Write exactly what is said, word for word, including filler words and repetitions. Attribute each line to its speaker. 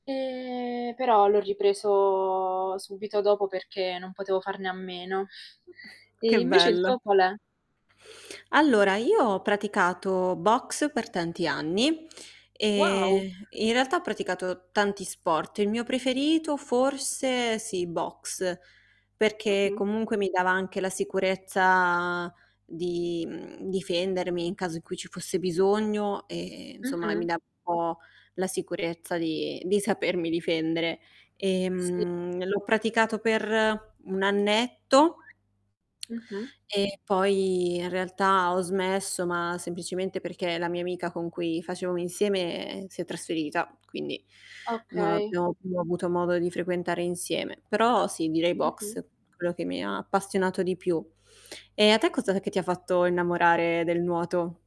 Speaker 1: Ehm, però l'ho ripreso subito dopo, perché non potevo farne a meno. E
Speaker 2: Che
Speaker 1: invece il
Speaker 2: bello.
Speaker 1: tuo qual è?
Speaker 2: Allora, io ho praticato Boxe per tanti anni,
Speaker 1: Wow.
Speaker 2: ehm, in realtà ho praticato tanti sport, il mio preferito forse sì, Boxe, perché
Speaker 1: Mh-mh.
Speaker 2: comunque mi dava anche la sicurezza, di, mhmm, difendermi in caso in cui ci fosse bisogno e, inzomma e mi
Speaker 1: Mh-mh.
Speaker 2: dava po' la sicurezza di di sapermi difendere.
Speaker 1: Sì.
Speaker 2: Ehm, l'ho praticato per un annetto
Speaker 1: Mh-mh.
Speaker 2: e poi, in realtà, ho smesso, ma semplicemente perché la mia amica con cui facevamo insieme, ehm, si è trasferita, quindi non
Speaker 1: Okay.
Speaker 2: abbiamo più avuto modo di frequentare insieme. Però, sì, direi
Speaker 1: Mh-mh.
Speaker 2: Boxe, quello che mi ha appassionato di più. E a te cosa è che ti ha fatto innamorare del nuoto?